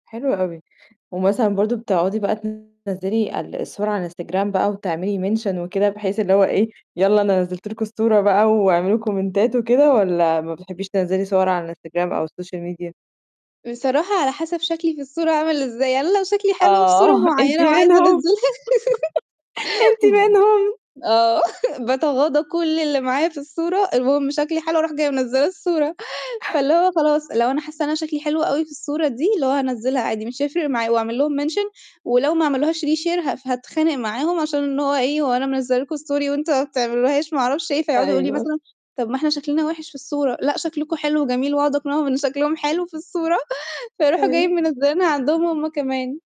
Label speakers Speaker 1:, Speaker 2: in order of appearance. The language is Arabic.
Speaker 1: حلو أوي، ومثلًا برضه بتقعدي بقى تنزّلي ال الصور على الإنستجرام بقى وتعملي mention وكده بحيث اللي هو إيه، "يالّا أنا نزلت لكم الصورة بقى، واعملوا كومنتات."، وكده والّا ما بتحبيش تنزلي صور على الإنستجرام أو السوشيال ميديا؟
Speaker 2: بصراحة على حسب شكلي في الصورة عامل إزاي يعني أنا لو شكلي حلو في صورة
Speaker 1: آه أنتِ
Speaker 2: معينة وعايزة
Speaker 1: منهم؟
Speaker 2: أنزّلها.
Speaker 1: أنتِ
Speaker 2: ب
Speaker 1: منهم؟
Speaker 2: آه باتغاضى كلّ اللي معايا في الصورة، المهم شكلي حلو اروح جاية منزّلة الصورة. فاللي هو خلاص لو أنا حاسة إن أنا شكلي حلو أوي في الصورة دي، اللي هو هانزّلها عادي مش هيفرق معايا، وأعمل لهم mention ولو ما عملوهاش reshare ها هاتخانق معاهم، عشان اللي هو إيه، "هو أنا منزّلة لكم story وانتم ما بتعملوهاش ما اعرفش إيه؟"، فيقعدوا يقولوا لي
Speaker 1: أيوه.
Speaker 2: مثلًا: "طب ما إحنا شكلنا وحش في الصورة."، "لأ شكلكم حلو و جميل."، وأقعد أقنعهم إن شكلهم حلو في الصورة، فيروحوا
Speaker 1: أيوه.
Speaker 2: جايين منزّلينها عندهم هم كمان.